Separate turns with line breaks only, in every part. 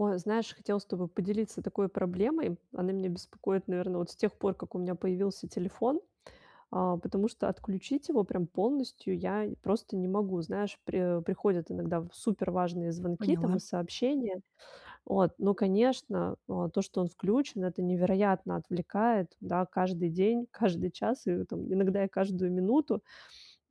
Ой, знаешь, хотела с тобой поделиться такой проблемой, она меня беспокоит, наверно, вот с тех пор как у меня появился телефон, а, потому что отключить его прям полностью я просто не могу, знаешь, при приходят иногда супер важные звонки там
Поняла.
и сообщения, вот, но, конечно, о, то, что он включен- это невероятно отвлекает, да, каждый день, каждый час и там иногда и каждую минуту,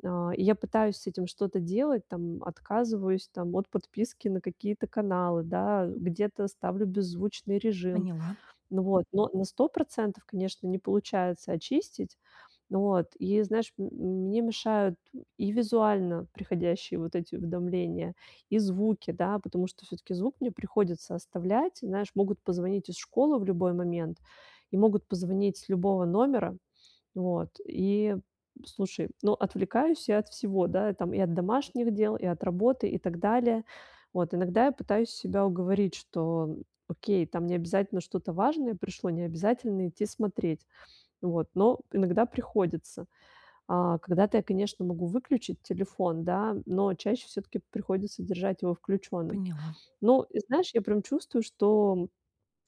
а, и я пытаюсь с этим что-то делать там, отказываюсь там от подписки на какие-то каналы, да, где-то ставлю беззвучный режим,
Поняла.
вот, но на 100 %, конечно, не получается очистить. Вот, и знаешь, м, мне мешают и визуально приходящие вот эти уведомления, и звуки, да, потому что всё-таки звук мне приходится оставлять, знаешь, могут позвонить из школы в любой момент и могут позвонить с любого номера, вот, и, слушай, но отвлекаюсь я от всего, да, там, и от домашних дел, и от работы, и так далее, вот. Иногда я пытаюсь себя уговорить, что, окей, там необязательно что-то важное пришло, необязательно идти смотреть, вот. Но иногда приходится. А, когда-то я, конечно, могу выключить телефон, да, но чаще всё-таки приходится держать его включенным.
Поняла.
Но, знаешь, я прям чувствую, что,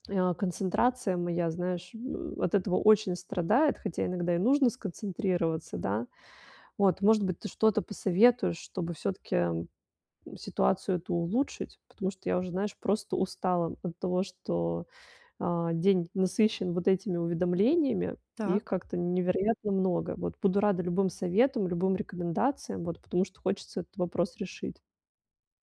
а, концентрация моя, знаешь, э, от этого очень страдает, хотя иногда и нужно сконцентрироваться, да. Вот, может быть, ты что-то посоветуешь, чтобы всё-таки ситуацию эту улучшить, потому что я уже, знаешь, просто устала от того, что, а, день насыщен вот этими уведомлениями и их
Так.
как-то невероятно много, вот. Буду рада любым советам, любым рекомендациям, вот, потому что хочется этот вопрос решить.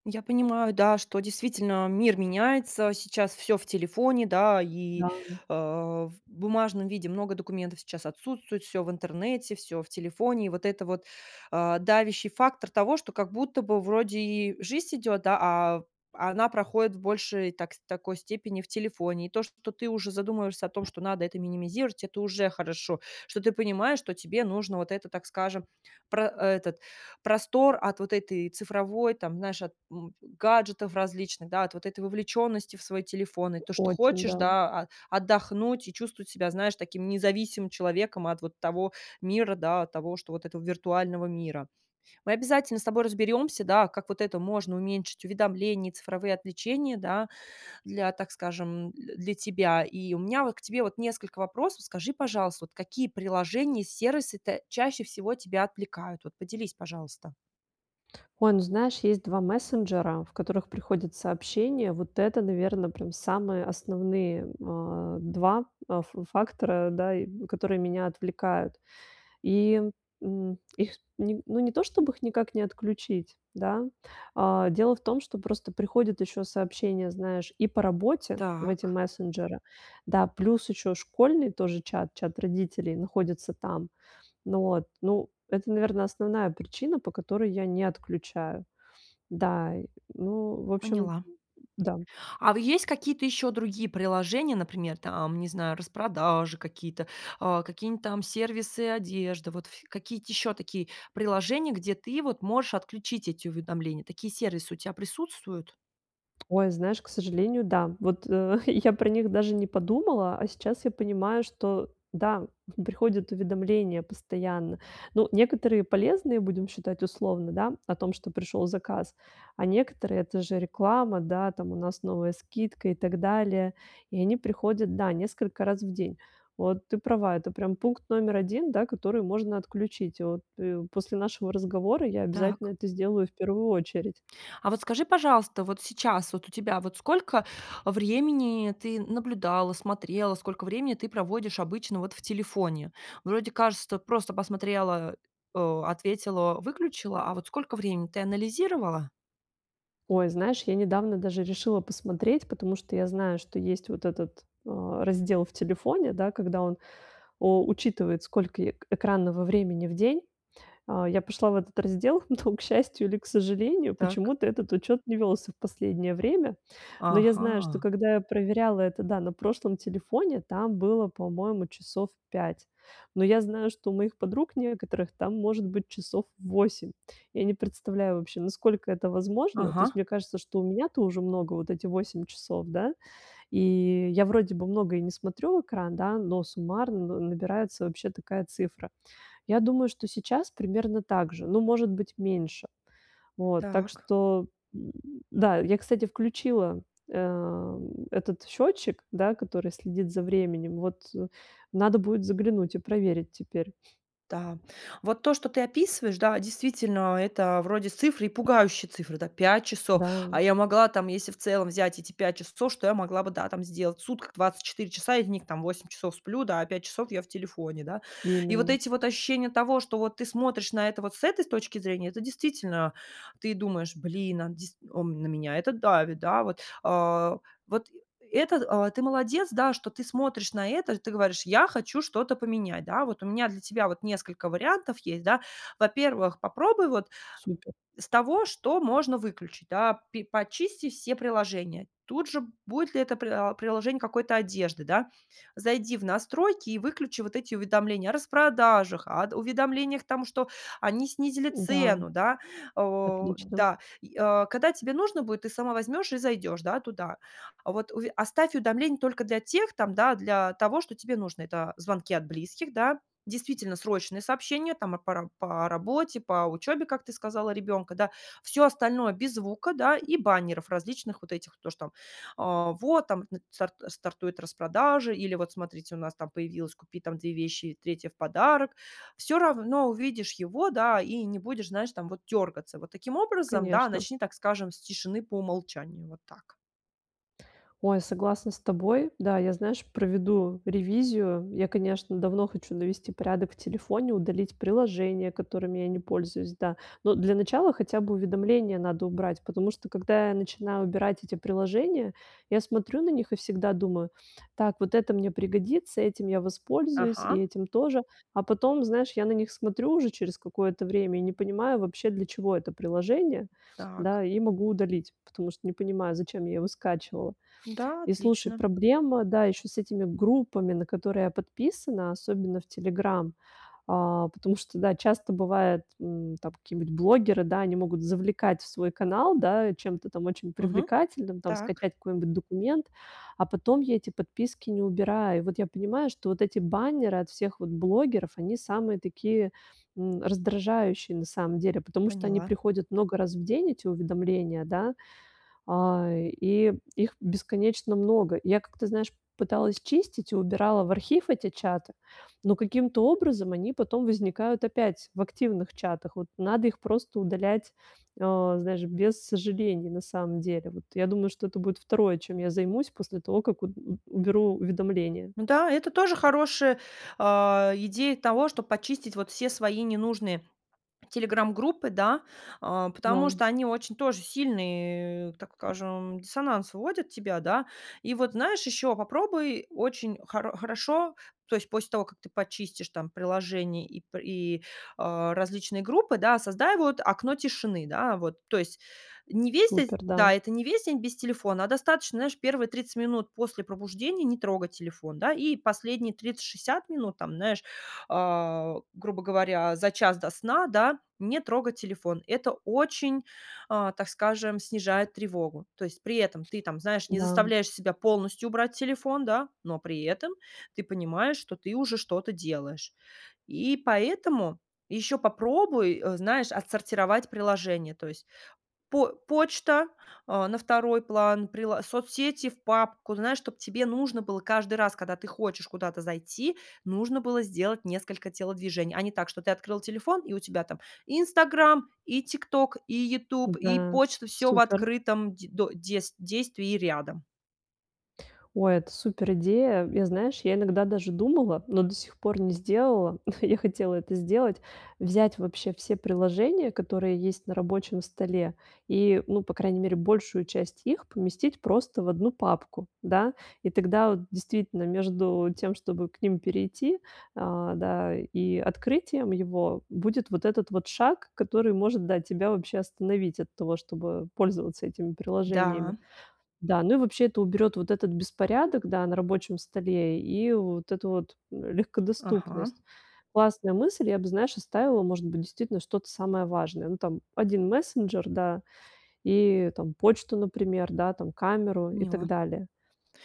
Я понимаю, да, что действительно мир меняется, сейчас всё в телефоне, да, и,
Да.
э, в бумажном виде много документов сейчас отсутствует, всё в интернете, всё в телефоне. И вот это вот, э, давящий фактор того, что как будто бы вроде и жизнь идёт, а, а она проходит в большей так такой степени в телефоне, и то, что ты уже задумываешься о том, что надо это минимизировать- это уже хорошо, что ты понимаешь, что тебе нужно вот это, так скажем, про э, этот простор от вот этой цифровой, там, знаешь, от, м, гаджетов различных, да, от вот этой вовлеченности в свой телефон, и то, что
Очень,
хочешь,
да.
да, а, отдохнуть и чувствовать себя, знаешь, таким независимым человеком от вот того мира, да, того, что вот этого виртуального мира. Мы обязательно с тобой разберемся, да, как вот это можно уменьшить, уведомления, цифровые отвлечения, да, для, так скажем, дл для тебя. И у меня вот к тебе вот несколько вопросов. Скажи, пожалуйста, вот какие приложения и сервисы та чаще всего тебя отвлекают? Вот поделись, пожалуйста.
Ой, ну знаешь, есть 2 мессенджера, в которых приходят сообщения, вот это, наверно, прям самые основные, а, 2 э, ф фактора, да, и которые меня отвлекают. И, м, их, не ну, не то чтоб их никак не отключить, да, а дело в том, что просто приходят еще сообщения, знаешь, и по работе в эти
Так.
мессенджеры, да, плюс еще школьный тоже чат- чат родителей, находится там. Ну вот. Ну, это, наверно, основная причина, по которой я не отключаю. Да, ну, в общем,
Поняла.
да.
А есть какие-то еще другие приложения, например, там, не знаю, распродажи какие-то, э, какие-нибудь там сервисы одежды, вот, ф какие-то еще такие приложения, где ты, вот, можешь отключить эти уведомления, такие сервисы у тя присутствуют?
Ой, знаешь, к сожалению, да. Вот я про них даже не подумала, а сейчас я понимаю, что, да, м, приходят уведомления постоянно. Ну, некоторые полезные, будем считать, условно, да, о том, что пришел заказ, а некоторые- это же реклама, да, там у нас новая скидка и так далее. И они приходят, да, несколько раз в день. Вот ты права, это прям пункт номер 1, да, который можно отключить. Вот. И после нашего разговора я обязательно
Так.
это сделаю в первую очередь.
А вот скажи, пожалуйста, вот сейчас, вот у тебя, вот сколько времени ты наблюдала, смотрела, сколько времени ты проводишь обычно вот в телефоне? Вроде, кажется, просто посмотрела, э, ответила, выключила, а вот сколько времени? Ты анализировала?
Ой, знаешь, я недавно даже решила посмотреть, потому что я знаю, что есть вот этот, э, раздел в телефоне, да, когда он, о учитывает сколько й экранного времени в день. А, я пошла в этот раздел, но к счастью или к сожалению,
Так.
почему-то этот учет не велся в последнее время. Но я знаю, что
Ага.
когда я проверяла это, да, на прошлом телефоне, там было, по-моему, часов 5. Но я знаю, что у моих подруг некоторых там может быть часов 8. Я не представляю вообще, насколько это возможно, то есть
Ага.
мне кажется, что у меня-то уже много. Вот эти 8 часов, да, и я вроде бы много и не смотрю в экран, да, но суммарно на набирается вообще такая цифра. Я думаю, что сейчас примерно так же, ну, может быть, меньше. Вот. Так
Так.
что м, да, я, кстати, включила, э, этот счетчик, да, который следит за временем, вот, надо будет заглянуть и проверить теперь.
Да. Вот то, что ты описываешь, да, действительно, это вроде цифры и пугающие цифры, да, 5 часов,
Да.
а я могла там, если в целом взять эти 5 часов, что я могла бы, да, там сделать. В сутках 24 часа, из них там 8 часов, да, сплю, а 5 часов я в телефоне, да. И вот
Именно.
эти вот ощущения того, что, вот, ты смотришь на это, вот, с этой точки зрения- это, действительно, ты думаешь, блин, а, дис у, на меня это давит, да, вот. А, вот, это, а, ты молодец, да, что ты смотришь на это, ты говоришь: "Я хочу что-то поменять". Да? Вот у меня для тебя вот несколько вариантов есть, да. Во-первых, попробуй вот
Супер.
с того, что можно выключить, да, пи почисти все приложения, тут же будет ли это, приа приложение какой-то одежды, да. Зайди в настройки и выключи вот эти уведомления о распродажах, ад уведомлениях тому, что они снизили
Да.
цену, да? О
Отлично.
да. И, а, когда тебе нужно будет, ты сама возьмешь и зайдешь, да, туда. Вот, уве оставь уведомление только для тех там, да, для того, что тебе нужно: это звонки от близких, да, действительно срочные сообщения, там и пара по работе, по учебе, как ты сказала, ребенка, да. Всё остальное- без звука, да, и баннеров различных вот этих, то, что, а, вот там стар стартует распродажи или вот смотрите у нас там появилась "купи там 2 вещи и 3 в подарок", всё равно увидишь его, да, и не будешь, знаешь, там вот дергаться. Вот таким образом, да,
Конечно.
начни, так скажем, с тишины по умолчанию. Вот так.
Ой, согласна с тобой. Да, я знаешь, проведу ревизию. Я, конечно, давно хочу навести порядок в телефоне, удалить приложения, которыми я не пользуюсь, да. Но, для начала, хотя бы уведомления надо убрать, потому что когда я начинаю убирать эти приложения, я смотрю на них и всегда думаю: "Так, вот это мне пригодится, этим я воспользуюсь и
Ага.
этим тоже". А потом, знаешь, я на них смотрю уже через какое-то время и не понимаю вообще, для чего это приложение,
Так.
да, и могу удалить, потому что не понимаю, зачем я его скачивала.
Да,
И, слушай,
отлично.
проблема, да, еще с этими группами, на которые я подписана, особенно, в "Телеграм", а, потому что, да, часто бывает, м, там какие-нибудь блогеры, да, они могут завлекать в свой канал, да, чем-то там очень
Мгм,
привлекательным, там,
так.
скачать какой-нибудь документ, а потом я эти подписки не убираю. Вот я понимаю, что вот эти баннеры от всех вот блогеров, они самые такие, м, раздражающие, на самом деле, потому что они
Поняла.
приходят много раз в день, эти уведомления, да, а, и их бесконечно много. И я как-то, знаешь, пыталась чистить и убирала в архив эти чаты, но каким-то образом они потом возникают опять в активных чатах, вот надо их просто удалять, э, знаешь, без сожалений, на самом деле. Вот я думаю, что это будет 2 чем я займусь после того, как от у уберу уведомления.
М-да, это тоже хорошая, а, идея того, чтоб почистить вот все свои ненужные телеграм-группы, да, э, потому
Да.
что они очень тоже сильные так скажем, диссонанс вводят тебя, да. И вот знаешь, еще попробуй очень хоро хорошо, то есть после того, как ты почистишь там приложения и пр и, э, различные группы, да, создай, вот, окно тишины, да, вот. То есть не весь де
Супер, да.
да, это не весь день без телефона, а достаточно, знаешь, первые 30 минут после пробуждения не трогать телефон, да, и последние 30-60 минут там, знаешь, а, грубо говоря, за час до сна, да, не трогать телефон. Это очень, а, так скажем, снижает тревогу, то есть при этом ты там, знаешь, не
Да.
заставляешь себя полностью убрать телефон, да, но при этом ты понимаешь, что ты уже что-то делаешь, и поэтому еще попробуй, э, знаешь, отсортировать приложения, то есть по почта, э, на второй план, прило соцсети в папку, знаешь, чтоб тебе нужно было каждый раз, когда ты хочешь куда-то зайти, нужно было сделать несколько телодвижений, а не так, что ты открыла телефон, и у тебя там "Инстаграм" и "ТикТок", и "Ютуб", и
Да,
почта- всё в
супер.
открытом де до дес действии рядом.
О, это супер идея. Я, знаешь, я иногда даже думала, но до сих пор не сделала, ну, я хотела это сделать- взять вообще все приложения, которые есть на рабочем столе и, ну, по крайней мере, большую часть их поместить просто в 1 папку, да, и тогда, вот, действительно, между тем, чтобы к ним перейти, а, да, и открытием его будет вот этот вот шаг, который, может, да, тебя вообще остановить от того, чтобы пользоваться этими приложениями.
Да.
Да, ну, и вообще это уберет вот этот беспорядок, да, на рабочем столе и вот эту вот
Ага.
легкодоступность. Классная мысль, я бы, знаешь, оставила, может быть, действительно, что-то самое важное, ну, там, 1 мессенджер, да, и, там, почту, например, да, там, камеру и так
Поняла.
далее.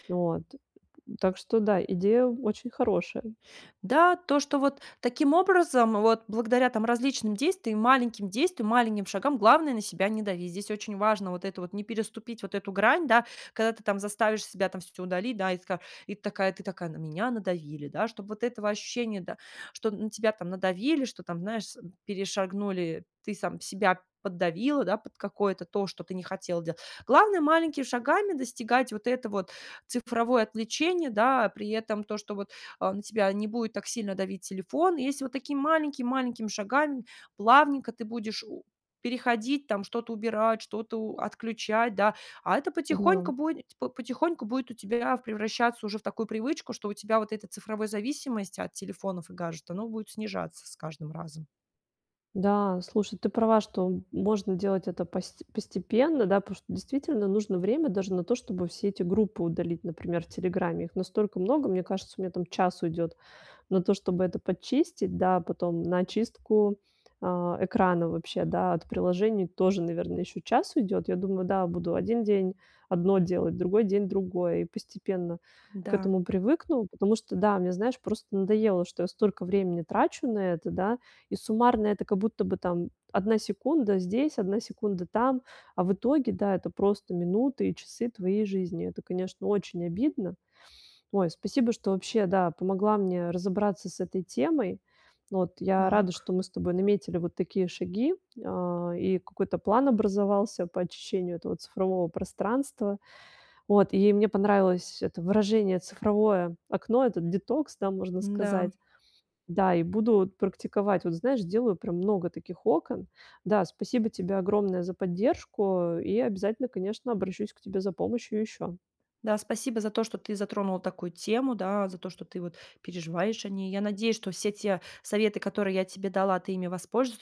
Вот. Так что, да, идея очень хорошая.
Да, то, что вот таким образом, вот благодаря там различным действиям, маленьким действиям, маленьким шагам, главное, на себя не дави. Здесь очень важно вот эту вот не переступить вот эту грань, да, когда ты там заставишь себя там всё удалить, да, и ты такая и ты такая ты такая: на меня надавили, да. Чтоб вот этого ощущения, да, что на тебя там надавили, что там, знаешь, перешагнули, ты сам себя поддавила, да, под какое-то то, что ты не хотела дела главное, маленькими шагами достигать вот это вот цифровое отвлечение, да, при этом то, что, вот, а, на тебя не будет так сильно давить телефон. Если вот такими маленькими-маленькими шагами плавненько ты будешь у переходить там, что-то убирать, что-то у отключать, да, а это потихоньку
Да.
будет потихоньку будет у тебя превращаться уже в такую привычку, что у тебя вот эта цифровой зависимость от телефонов и гаджетов, оно будет снижаться с каждым разом.
Да, слушай, ты права, что можно делать это пост постепенно, да, потому что, действительно, нужно время даже на то, чтобы все эти группы удалить, например, в "Телеграме". Их настолько много, мне кажется, у меня там час уйдет на то, чтобы это подчистить, да, потом на очистку, а, экрана вообще, да, от приложений тоже, наверное, еще час уйдет, я думаю, да, буду один день одно делать, другой день- другое. И постепенно к
Да.
этому привыкну, потому что, да, мне, знаешь, просто надоело, что я столько времени трачу на это, да, и суммарно это как будто бы, там, 1 секунда здесь, 1 секунда там, а в итоге, да, это просто минуты и часы твоей жизни- это, конечно, очень обидно. Ой, спасибо, что вообще, да, помогла, да, мне разобраться с этой темой, вот. Я рада, что
Так.
мы с тобой наметили вот такие шаги, а, и какой-то план образовался по очищению этого цифрового пространства, вот, и мне понравилось это выражение "цифровое окно", этот "детокс", да, можно
Да.
сказать. Да, и буду вот практиковать, вот, знаешь, сделаю прям много таких окон. Да, спасибо тебе огромное за поддержку. И обязательно, конечно, обращусь к тебе за помощью ещё.
Да, спасибо за то, что ты затронула такую тему, да, за то, что ты вот переживаешь о ней. Я надеюсь, что все те советы, которые я тебе дала, ты ими воспользу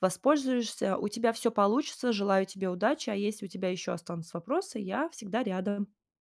вспользуешься, у тебя всё получится. Желаю тебе удачи. А если у тебя еще останутся вопросы, я всегда рядом.